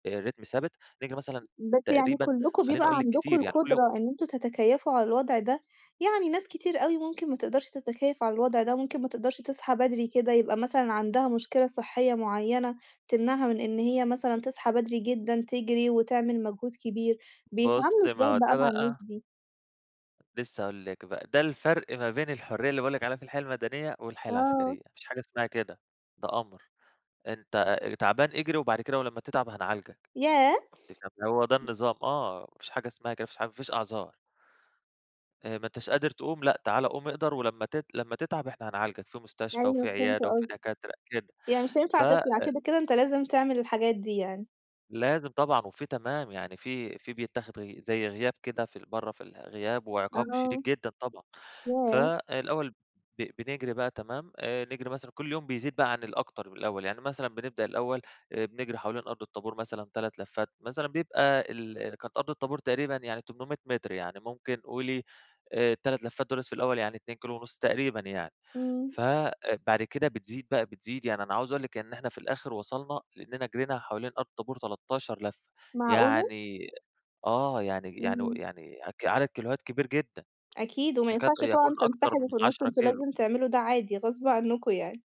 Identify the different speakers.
Speaker 1: آآ رِتْم ثابت نيجي مثلًا،
Speaker 2: بس يعني
Speaker 1: تقريبًا
Speaker 2: كلكم
Speaker 1: خلّيني
Speaker 2: بيبقى
Speaker 1: أقول لك
Speaker 2: عندكم
Speaker 1: كتير يعني كل يوم
Speaker 2: القدرة إن أنتم تتكيّفوا على الوضع ده؟ يعني ناس كتير أوي ممكن ما تقدرش تتكيّف على الوضع ده، وممكن ما تقدرش تصحى بدري كده، يبقى مثلًا عندها مشكلة صحية معيّنة تمنعها من إن هي مثلًا تصحى بدري جدًا تجري، وتعمل مجهود كبير. بيتعاملوا
Speaker 1: بُصي، ما هو
Speaker 2: إزاي بقى
Speaker 1: ده
Speaker 2: مع
Speaker 1: بقى
Speaker 2: الناس دي؟
Speaker 1: لسه هاقول لِك بقى، ده الفرق ما بين الحرية اللي باقول لِك عليها في الحياة المدنية، والحياة
Speaker 2: آه.
Speaker 1: العسكرية ما فيش حاجة اسمها كده، ده أمر. أنتَ آآ تعبان اجري، وبعد كده ولمّا تتعب هنعالجك.
Speaker 2: ياه!
Speaker 1: أنتِ فاهمة؟ هو ده النظام. آه، ما فيش حاجة اسمها حاجة كده، ما فيش ح مافيش أعذار. آآ ما أنتش قادر تقوم لأ، تعالَي قوم اقدر، ولمّا تت لما تتعب إحنا هنعالجك في مستشفى،
Speaker 2: أيوه
Speaker 1: وفي
Speaker 2: فهمت
Speaker 1: عيادة، وفي
Speaker 2: قصدك،
Speaker 1: دكاترة كده
Speaker 2: يعني مش
Speaker 1: فَ
Speaker 2: هينفع
Speaker 1: آآ
Speaker 2: تطلع كده، كده أنتَ لازم تعمل الحاجات دي يعني.
Speaker 1: لازم طبعًا وفي تمام، يعني في في بيتاخد غ زي غياب كده في ال برّه في الغياب وعقاب شديد
Speaker 2: آه،
Speaker 1: جدًا طبعًا.
Speaker 2: ياه!
Speaker 1: فالأول ب بنجري بقى تمام آآ نجري مثلًا كل يوم بيزيد بقى عن الأكتر من الأول. يعني مثلًا بنبدأ الأول بنجري حوالين أرض الطابور مثلًا 3 لفات، مثلًا بيبقى ال كانت أرض الطابور تقريبًا يعني 800 متر، يعني ممكن قولي آآ ال3 لفات دُولَة في الأول يعني 2 كيلو ونص تقريبًا يعني.
Speaker 2: امم.
Speaker 1: ف آآ بعد كده بتزيد بقى، بتزيد يعني أنا عاوز أقول لكِ إن إحنا في الآخر وصلنا، لإننا جرينا حوالين أرض الطابور 13 لفة.
Speaker 2: معقولة؟!
Speaker 1: يعني آه يعني يعني
Speaker 2: امم.
Speaker 1: يعني عك عدد كيلوهات كبير جدًا.
Speaker 2: أكيد، وما
Speaker 1: يكاد
Speaker 2: ينفعش
Speaker 1: يكون
Speaker 2: طبعًا
Speaker 1: أكتر من
Speaker 2: تنسحبوا في النص،
Speaker 1: 10
Speaker 2: أنتم
Speaker 1: كيلو.
Speaker 2: لازم تعملوا ده عادي غصب عنكم يعني.